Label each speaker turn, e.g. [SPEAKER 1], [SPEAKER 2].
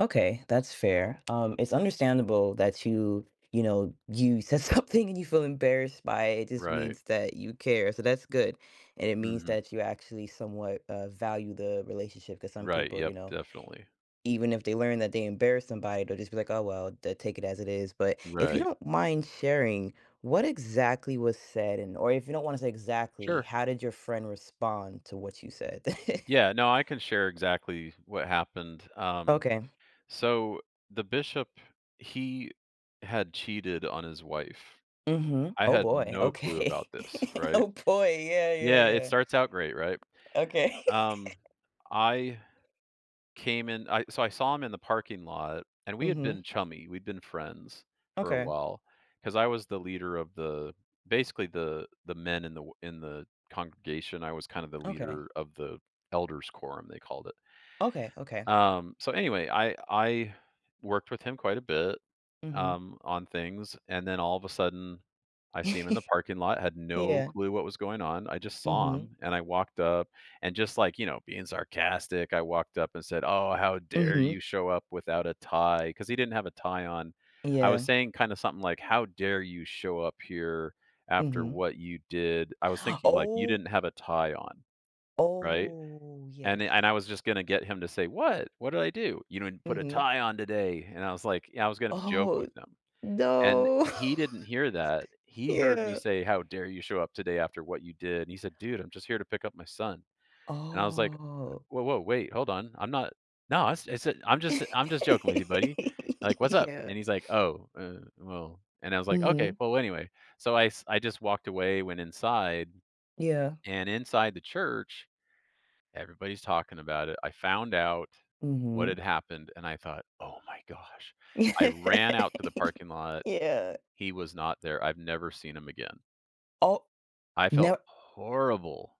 [SPEAKER 1] Okay, that's fair. Um, it's understandable that you, you know, you said something and you feel embarrassed by it, it just
[SPEAKER 2] Right.
[SPEAKER 1] means that you care, so that's good. And it means
[SPEAKER 2] Mhm.
[SPEAKER 1] that you actually somewhat, uh, value the relationship, 'cause some
[SPEAKER 2] Right,
[SPEAKER 1] people, you
[SPEAKER 2] yep,
[SPEAKER 1] know,
[SPEAKER 2] definitely.
[SPEAKER 1] even if they learn that they embarrass somebody, they'll just be like, "Oh, well" they'll take it as it is, but if you
[SPEAKER 2] Right.
[SPEAKER 1] don't mind sharing, what exactly was said, and or if you don't wanna say exactly,
[SPEAKER 2] Sure.
[SPEAKER 1] how did your friend respond to what you said?
[SPEAKER 2] Yeah, no, I can share exactly what happened. Um,
[SPEAKER 1] Okay.
[SPEAKER 2] so, the Bishop, he had cheated on his wife.
[SPEAKER 1] Mhm.
[SPEAKER 2] I
[SPEAKER 1] Oh,
[SPEAKER 2] had
[SPEAKER 1] boy,
[SPEAKER 2] no clue about
[SPEAKER 1] okay.
[SPEAKER 2] this, right?
[SPEAKER 1] Oh, boy. Yeah, yeah,
[SPEAKER 2] Yeah, it
[SPEAKER 1] yeah.
[SPEAKER 2] starts out great, right?
[SPEAKER 1] Okay.
[SPEAKER 2] Um, I came in, I so, I saw him in the parking lot, and we had
[SPEAKER 1] Mhm.
[SPEAKER 2] been chummy, we'd been friends for a
[SPEAKER 1] Okay.
[SPEAKER 2] while, 'cause I was the leader of the basically the the men in the w in the congregation, I was kind of the
[SPEAKER 1] Okay.
[SPEAKER 2] leader of the "elders quorum," they called it.
[SPEAKER 1] Okay, okay.
[SPEAKER 2] Um, so anyway, I I worked with him quite a bit,
[SPEAKER 1] Mhm.
[SPEAKER 2] um, on things, and then all of a sudden, I see him in the parking lot, I had no
[SPEAKER 1] Yeah.
[SPEAKER 2] clue what was going on, I just saw
[SPEAKER 1] Mhm.
[SPEAKER 2] him, and I walked up, and just, like, you know, being sarcastic, I walked up and said, "Oh, how dare
[SPEAKER 1] Mhm.
[SPEAKER 2] you show up without a tie," 'cause he didn't have a tie on. I was
[SPEAKER 1] Yeah.
[SPEAKER 2] saying kinda something, like, "How dare you show up here after
[SPEAKER 1] Mhm.
[SPEAKER 2] what you did?" I was thinking, like, "You
[SPEAKER 1] Oh
[SPEAKER 2] didn't have a tie on." Right?
[SPEAKER 1] Oh,
[SPEAKER 2] And
[SPEAKER 1] yes.
[SPEAKER 2] it I was just gonna get him to say, "What? What did I do?" You know, and put a
[SPEAKER 1] Mhm.
[SPEAKER 2] tie on today, and I was like, you know, I was gonna joke
[SPEAKER 1] Oh,
[SPEAKER 2] with him, and
[SPEAKER 1] no.
[SPEAKER 2] he didn't hear that. He heard me
[SPEAKER 1] Yeah.
[SPEAKER 2] say, "How dare you show up today after what you did?" He said, "Dude, I'm just here to pick up my son." And I was like,
[SPEAKER 1] Oh.
[SPEAKER 2] uh, "Woah, woah, wait, hold on, I'm not no," I s I said, "I'm just I'm just joking with you, buddy," like, "What's up?"
[SPEAKER 1] Yeah.
[SPEAKER 2] And he's like, "Oh, uh, well" and I was, like, "Okay.
[SPEAKER 1] Mhm.
[SPEAKER 2] Well, w anyway." So I s I just walked away, went inside,
[SPEAKER 1] Yeah.
[SPEAKER 2] and inside the church, everybody's talking about it, I found out what had
[SPEAKER 1] Mhm.
[SPEAKER 2] happened, and I thought, "Oh my gosh."
[SPEAKER 1] Yeah.
[SPEAKER 2] I ran out to the parking lot.
[SPEAKER 1] Yeah.
[SPEAKER 2] He was not there. I've never seen him again.
[SPEAKER 1] Oh
[SPEAKER 2] I felt
[SPEAKER 1] no
[SPEAKER 2] horrible.